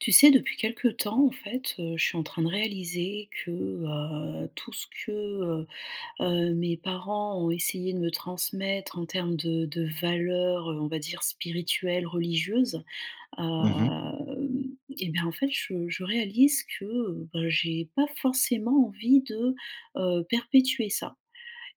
Tu sais depuis quelque temps, en fait, heu, je suis en train de réaliser que, heu, tout ce que, heu, heu, mes parents ont essayé de me transmettre en termes de de valeurs, on va dire, spirituelles, religieuses. Mmh mh. Hum et ben en fait je je réalise que, bah, j'ai pas forcément envie de, heu, perpétuer ça.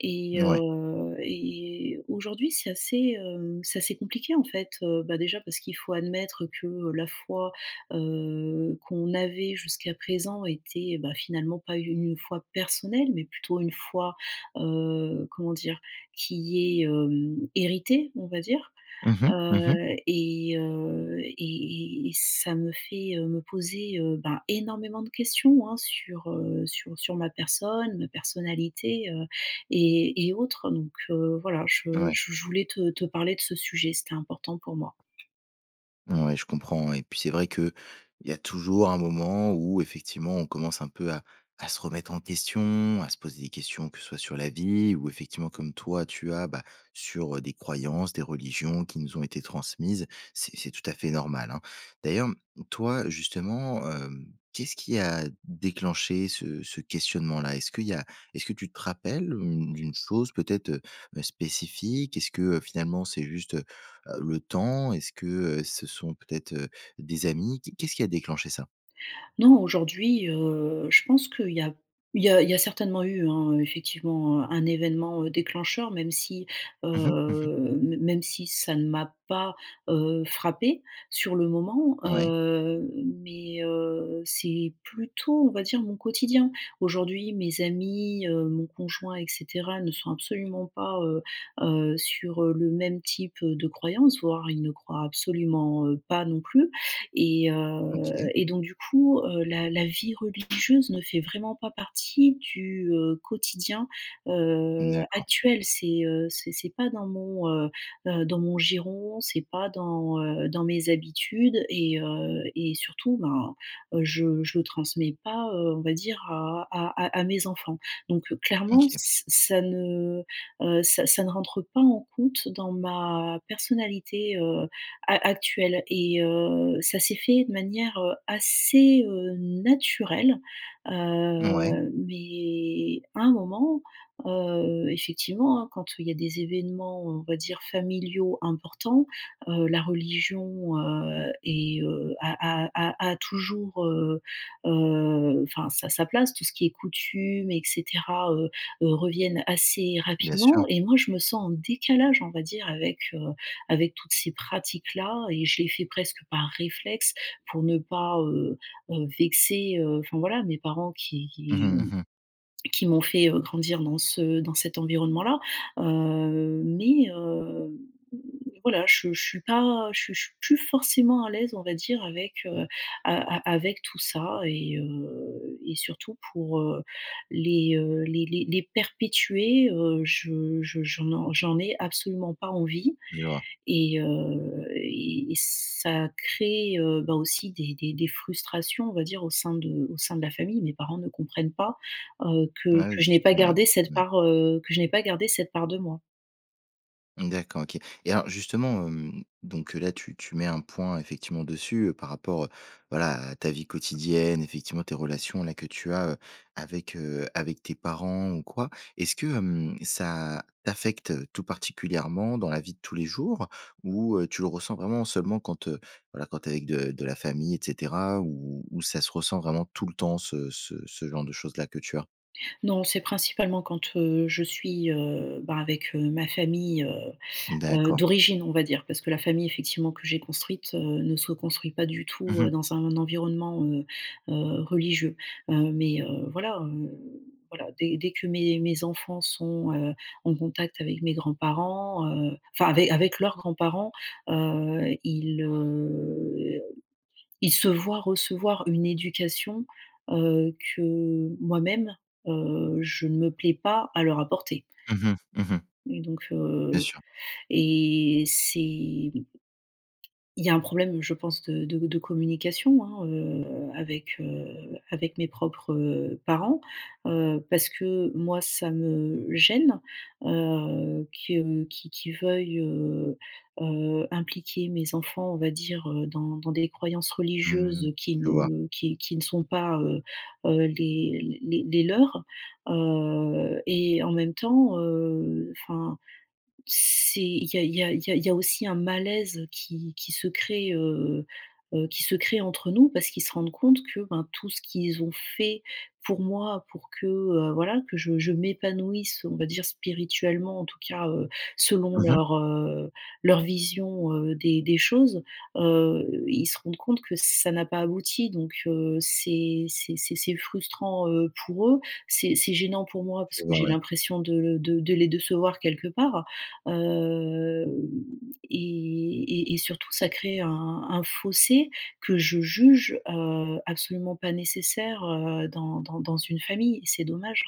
Et, Ouais. heu, et aujourd'hui, c'est assez, hem, c'est assez compliqué en fait, heu, bah déjà parce qu'il faut admettre que la foi, heu, qu'on avait jusqu'à présent était, bah, finalement pas u une foi personnelle mais plutôt une foi, heu, comment dire? Qui est, hem, héritée, on va dire. Mmh mh, mmh mh. Heu, et heu, et et et ça me fait, heu, me poser, heu, bah, énormément de questions hein sur, heu, sur sur ma personne, ma personnalité, heu, et et autres donc, heu, voilà. Je Ouais. je je voulais te te parler de ce sujet. C'était important pour moi. Ouais, je comprends ouais. Et puis c'est vrai qu'il y a toujours un moment où effectivement on commence un peu à à se remettre en question, à se poser des questions que ce soit sur la vie ou effectivement comme toi tu as, bah, sur des croyances, des religions qui nous ont été transmises. C'est c'est tout à fait normal, hein. D'ailleurs, mmh, toi, justement, hem, qu'est-ce qui a déclenché ce ce questionnement-là? Est-ce qu'il y a est-ce que tu te rappelles, mmh, d'une chose peut-être, heu, ben spécifique? Est-ce que, heu, finalement, c'est juste, heu, le temps? Est-ce que, heu, ce sont peut-être, heu, des amis? Qu qu'est-ce qui a déclenché ça? Non. Aujourd'hui, heu, je pense qu'il y a il y a il y a certainement eu hein, effectivement un un événement, heu, déclencheur même si, Mmh mh, mmh mh. heu, même si ça ne m'a pas, heu, frappée sur le moment, Ouais. heu, mais, heu, c'est plutôt on va dire mon quotidien. Aujourd'hui mes amis, heu, mon conjoint et cetera ne sont absolument pas, heu, heu sur, heu, le même type, heu, de croyance. Voire ils ne croient absolument, heu, pas non plus. Et, heu, OK. et donc du coup, heu, la la vie religieuse ne fait vraiment pas partie du, heu, quotidien, heu, D'accord. actuel. C'est, heu, c'est c'est pas dans mon, heu, heu, dans mon giron, c'est pas dans, heu, dans mes habitudes et, heu, et surtout ben, heu, je je transmets pas, heu, on va dire à à à mes enfants. Donc clairement, OK. ç ça ne, heu, ça ça ne rentre pas en compte dans ma personnalité, heu, a actuelle. Et, heu, ça s'est fait de manière, heu, assez, heu, naturelle. Ouais. Heu, mais à un moment, heu, effectivement, hein, quand, heu, il y a des événements, on va dire, familiaux importants, heu, la religion, heu, est, heu, a a a a toujours, heu, heu, enfin sa sa place. Tout ce qui est coutumes, et cetera heu, heu reviennent assez Bien sûr. rapidement et moi je me sens en décalage on va dire avec, heu, avec toutes ces pratiques-là. Et je les fais presque par réflexe pour ne pas, heu, heu, vexer, heu, enfin voilà mes parents qui Mmh qui mh, mmh mh. qui m'ont fait, heu, grandir dans ce dans cet environnement-là. Heu, mais, heu, voilà je je suis pas je suis je suis je suis plus forcément à l'aise, on va dire, avec, heu, a a avec tout ça et, heu, et surtout pour, heu, les, heu, les les les perpétuer, heu, je je je n'en j'en ai absolument pas envie Je vois. et, heu, et ça crée, heu, bah aussi des des des frustrations, on va dire, au sein de au sein de la famille. Mes parents ne comprennent pas, heu, que Ah, oui que je n'ai pas justement, ouais. gardé cette Mmh. part, heu, que je n'ai pas gardé cette part de moi. D'accord, OK. Et alors justement, hem, donc là tu tu mets un point effectivement dessus, heu, par rapport voilà à ta vie quotidienne, effectivement tes relations-là que tu as, heu, avec, heu, avec tes parents ou quoi. Est-ce que, hem, ça t'affecte tout particulièrement dans la vie de tous les jours? Ou, heu, tu le ressens vraiment seulement quand, heu, voilà quand tu es avec de de la famille et cetera ou ou ça se ressent vraiment tout le temps, ce ce ce genre de choses-là que tu as? Non, c'est principalement quand, heu, je suis, heu, bah avec, heu, ma famille, heu, heu, D'accord. d'origine, on va dire parce que la famille effectivement que j'ai construite, heu, ne se construit pas du Mmh tout, mh. heu, dans un environnement, heu, heu, religieux. Heu, mais, heu, voilà, heu, voilà, dès dès que mes mes enfants sont, heu, en contact avec mes grands-parents, heu, enfin ave avec leurs grands-parents, heu, ils heu, ils se voient recevoir une éducation, heu, que moi-même, heu, je ne me plais pas à leur apporter. Mmh mh, mmh mh. Et donc, Bien heu, sûr. et c'est Il y a un problème, je pense, de de de communication, hein, heu, avec, heu, avec mes propres, heu, parents. Heu, parce que moi ça me gêne, heu, que qu'ils qu'ils veuillent, heu, heu, impliquer mes enfants, on va dire, heu, dans dans des croyances Mmh, religieuses qui je vois. ne qui qui ne sont pas, heu, heu, les les les leurs. Heu, et en même temps, heu, enfin c'est il y a il y a il y a aussi un malaise qui qui se crée, heu, heu, qui se crée entre nous parce qu'ils se rendent compte que ben tout ce qu'ils ont fait pour moi pour que, heu, voilà que je je m'épanouisse, on va dire, spirituellement en tout cas, heu, selon Mmh mh. leur, heu, leur vision, heu, des des choses. Heu, ils se rendent compte que ça n'a pas abouti donc, heu, c'est c'est c'est c'est frustrant, heu, pour eux. C'est c'est gênant pour moi parce Je que vois, j'ai ouais. l'impression de l de de les décevoir quelque part. Heu, et et et surtout ça crée un un fossé que je juge, heu, absolument pas nécessaire, heu, dans dans dans une famille et c'est dommage.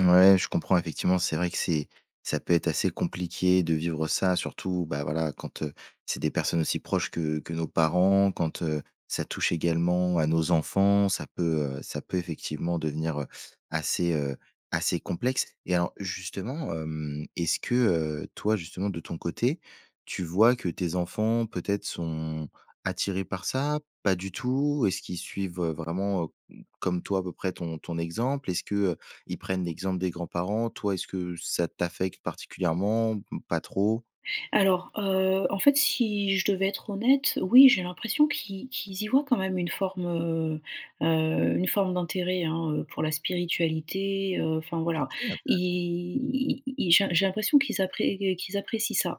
Ouais, je comprends. Effectivement, c'est vrai que c'est ça peut être assez compliqué de vivre ça. Surtout, bah voilà, quand heu, c'est des personnes aussi proches que que nos parents, quand heu, ça touche également à nos enfants, ça peut heu, ça peut effectivement devenir heu, assez heu, assez complexe. Et alors justement hem, est-ce que, heu, toi, justement de ton côté, tu vois que tes enfants peut-être sont attirés par ça? Pas du tout? Est-ce qu'ils suivent, heu, vraiment heu, comme toi à peu près ton ton exemple? Est-ce que, heu, ils prennent l'exemple des grands-parents? Toi, est ce que ça t'affecte particulièrement? Mmh pas trop? Alors, heu, en fait, si je devais être honnête, oui, j'ai l'impression qu'ils qu'ils y voient quand même une forme, heu heu une forme d'intérêt, hein heu, pour la spiritualité, heu enfin, voilà. OK, Ils intéressant! i ils j'ai j'ai l'impression qu'ils appré qu qu'ils apprécient ça.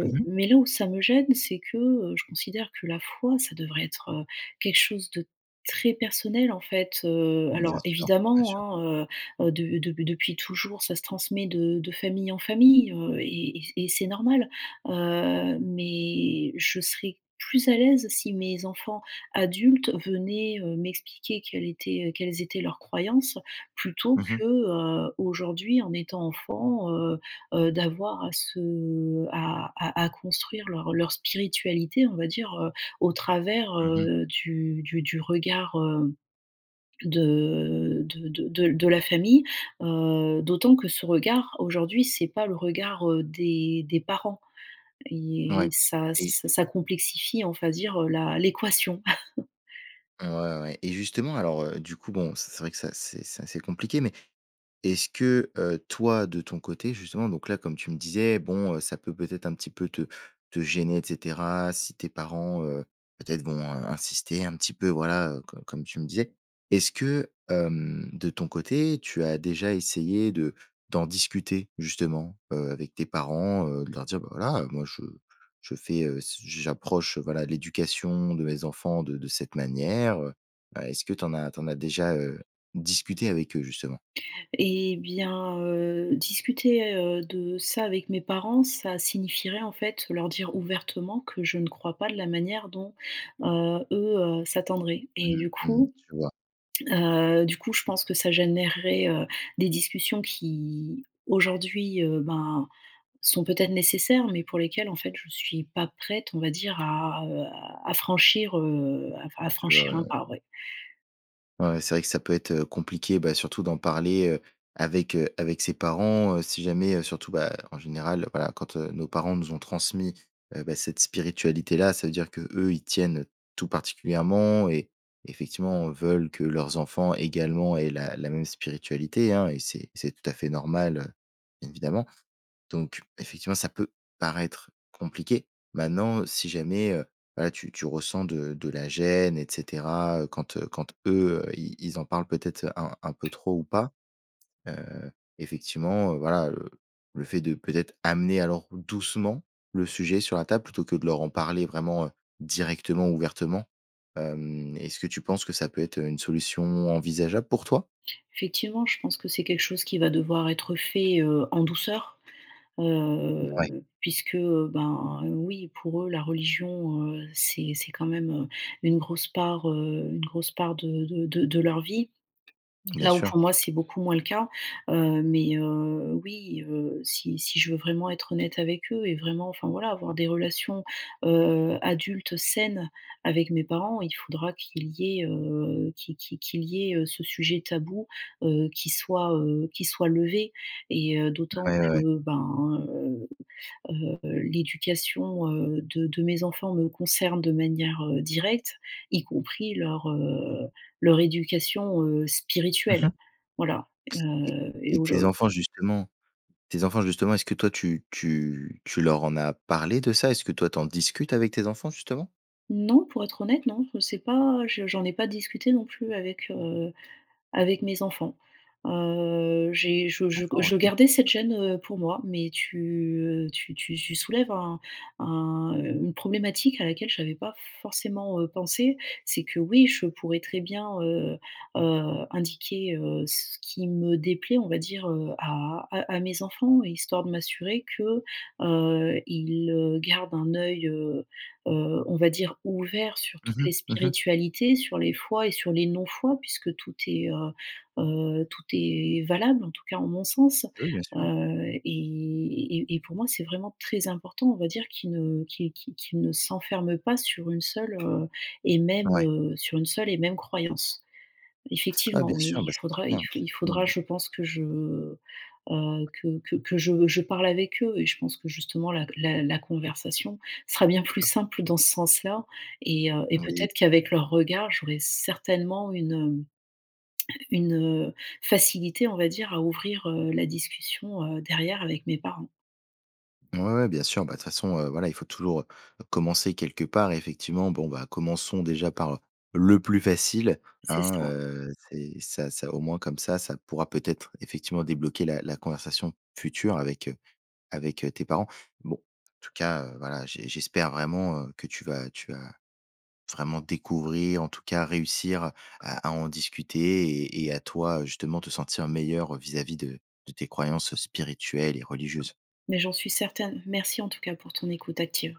Mmh mh. mais là où ça me gêne, c'est que, heu, je considère que la foi, ça devrait être quelque chose de très personnel, en fait heu. Bien Alors sûr, bien évidemment, sûr. hein heu heu, de dep depuis toujours, ça se transmet de de famille en famille, heu, et et et c et c'est normal. Heu, mais je serai plus à l'aise si mes enfants adultes venaient, heu, m'expliquer quelle était quelles étaient leurs croyances, plutôt Mmh mh. que, heu, aujourd'hui en étant enfants, heu heu, d'avoir à se à à à construire leur leur spiritualité on va dire, heu, au travers, Mmh mh. heu, du du du regard, heu, de de de de l de la famille. Heu, d'autant que ce regard, aujourd'hui, c'est pas le regard, heu, des des parents et Ouais, ça ç et ça complexifie, on va dire heu la l'équation. Ouais, ouais, ouais, et justement alors heu, du coup, bon, c c'est vrai que ça c'est c'est assez compliqué mais, est-ce que, heu, toi de ton côté justement, donc là- comme tu me disais, bon heu, ça peut peut-être un petit peu te te gêner, et cetera, si tes parents, heu, peut-être, vont, heu, insistaient un petit peu, voilà- co comme tu me disais, est-ce que hem, de ton côté, tu as déjà essayé de d'en discuter, justement heu, avec tes parents? Heu, de leur dire: «Bah voilà, heu moi je je fais, heu, s j j'approche, voilà, l'éducation de mes enfants de de cette manière, heu». Bah, est-ce que tu en as tu en as déjà heu, discuté avec eux, justement? Et bien, heu, discuter heu, de ça avec mes parents, ça signifierait, en fait, leur dire ouvertement que je ne crois pas de la manière dont, heu, eux, heu, s'attendraient. Mmh Et mh, du mmh mh, coup, je vois. heu, du coup, je pense que ça générerait, heu, des discussions qui, aujourd'hui, heu, ben sont peut-être nécessaires, mais pour lesquelles, en fait, je suis pas prête, on va dire à heu, à franchir, heu, à f à Je vois. Ouais, franchir un ouais ouais. pas, ouais. Ouais ouais. C'est vrai que ça peut être, heu, compliqué bah surtout d'en parler, heu, avec, heu, avec ses parents, heu, si jamais heu, surtout, bah, en général, voilà, quand, heu, nos parents nous ont transmis, heu, bah, cette spiritualité-là. Ça veut dire que, eux, y tiennent tout particulièrement et, effectivement, veulent que leurs enfants, également, aient la la même spiritualité, hein. Et c'est c'est tout à fait normal, heu, évidemment. Donc, effectivement, ça peut paraître compliqué. Maintenant, si jamais, heu, voilà, tu tu ressens de de la gêne, et cetera, heu quand quand, eux, ils ils en parlent peut-être un un peu trop ou pas, heu, effectivement heu, voilà heu, le fait de peut-être amener, alors doucement, le sujet sur la table plutôt que de leur en parler vraiment, heu, directement, ouvertement? Hem, est-ce que tu penses que ça peut être, heu, une solution envisageable pour toi? Effectivement, je pense que c'est quelque chose qui va devoir être fait, heu, en douceur, Ouais. heu, puisque, heu, ben oui, pour eux, la religion, heu, c'est c'est quand même, heu, une grosse part, heu, une grosse part de de de de leur vie. Bien Là où, sûr. pour moi, c'est beaucoup moins le cas. Heu, mais, heu, oui, heu, si si je veux vraiment être honnête avec eux et vraiment, enfin voilà, avoir des relations, heu, adultes, saines avec mes parents, il faudra qu'il y ait heu, qui qui qu'il y ait ce sujet tabou, heu, qui soit, heu, qui soit levé, et heu, d'autant Ouais, ouais, ouais. que, ben, heu heu l'éducation, heu, de de mes enfants me concerne de manière, heu, directe y compris leur heu leur éducation, heu, Mmh mh. spirituelle. Voilà Ts heu, et et et tes aujou enfants, justement, tes enfants, justement, est-ce que toi, tu tu tu leur en as parlé de ça? Est-ce que toi, tu en discutes avec tes enfants, justement? Non, pour être honnête, non. Je sais pas, je j'en ai pas discuté non plus avec heu avec mes enfants. Heu j'ai je je D'accord. je OK. gardais cette gêne, heu, pour moi. Mais tu heu, tu tu tu soulèves un un, heu, une problématique à laquelle j'avais pas forcément heu pensé. C'est que oui, je pourrais très bien, heu heu indiquer, heu, ce qui me déplaît, on va dire, heu, à à à mes enfants, histoire de m'assurer que, heu, ils, heu, gardent un œil, heu heu, on va dire, ouvert sur Mmh toutes les mh. Mmh mh. spiritualités, sur les fois et sur les non-fois, puisque tout est heu heu, tout est valable, en tout cas en mon sens. Oui, bien sûr. Heu, et et et pour moi, c'est vraiment très important, on va dire, qu'ils ne qu'ils qu'ils qu'ils ne s'enferment pas sur une seule, heu, et même, Ouais. heu, sur une seule et même croyance. Ouais, Effectivement, bien oui, sûr, il bah, c'est très faudra i bien c'est il très bien faudra, mmh. je pense que je heu heu que que je je parle avec eux. Et je pense que, justement, la la la conversation sera bien plus simple dans ce sens-là et, heu, et Oui. peut-être qu'avec leur regard, j'aurai certainement une hem une heu facilité, on va dire, à ouvrir, heu, la discussion, heu, derrière, avec mes parents. Ouais, ouais, bien sûr. Bah, de toute façon, heu, voilà, il faut toujours heu, commencer quelque part. Effectivement, bon, ben commençons déjà par le plus facile C'est hein. ça. Heu, c'est ça ça, au moins comme ça, ça pourra peut-être effectivement débloquer la la conversation future avec heu avec heu tes parents. Bon, en tout cas, heu, voilà j' j'espère vraiment heu, que tu vas tu vas vraiment découvrir, en tout cas, réussir à à en discuter et et à toi justement, te sentir meilleure vis-à-vis de de tes croyances spirituelles et religieuses. Mais j'en suis certaine. Merci en tout cas, pour ton écoute active.